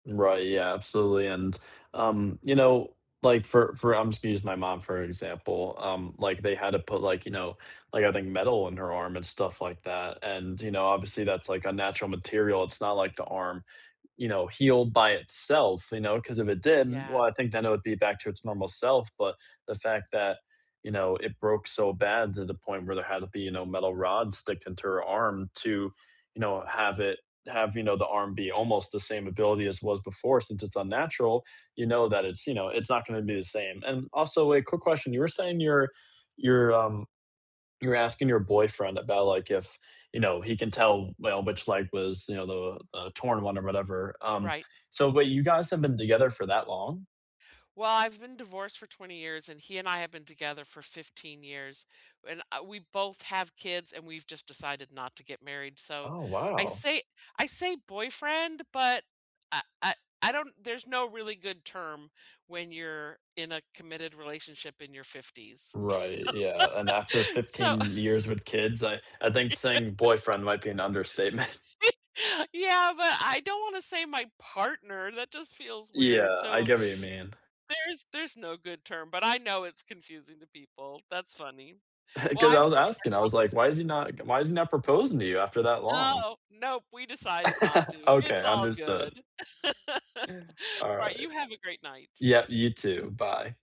Right, yeah, absolutely, and, um, you know, like, for for I'm just gonna use my mom for an example, um, like, they had to put, like, you know, like, I think metal in her arm and stuff like that, and, you know, obviously, that's, like, unnatural material. It's not like the arm, you know, healed by itself, you know, 'cause if it did, well, Yeah. I think then it would be back to its normal self, but the fact that, you know, it broke so bad to the point where there had to be, you know, metal rods sticked into her arm to, you know, have it have, you know, the arm be almost the same ability as was before, since it's unnatural, you know, that it's, you know, it's not gonna be the same, and also, like, quick question. You were saying you're you're, um, you're asking your boyfriend about, like, if, you know, he can tell, well, which leg was, you know, the, uh, torn one or whatever, um, Right. so but you guys have been together for that long? Well, I've been divorced for 20 years, and he and I have been together for 15 years, and I we both have kids, and we've just decided not to get married, so, Oh, I wow! say I say boyfriend, but I I I don't there's no really good term when you're in a committed relationship in your 50s, you Right, yeah, and after know. So 15 years with kids, I I think Yeah. saying "boyfriend" might be an understatement. Yeah, but I don't wanna say "my partner," that just feels weird, Yeah, I so get what you mean. there's there's no good term, but I know it's confusing to people. That's funny. Well, 'Cause I've I was enjoyed asking, I our was like, why is he conversation. not g why is he not proposing to you after that long? Oh, nope, we decided not to. It's Okay, all understood. good. Alright, Alright. you have a great night. Yep, you too. Bye.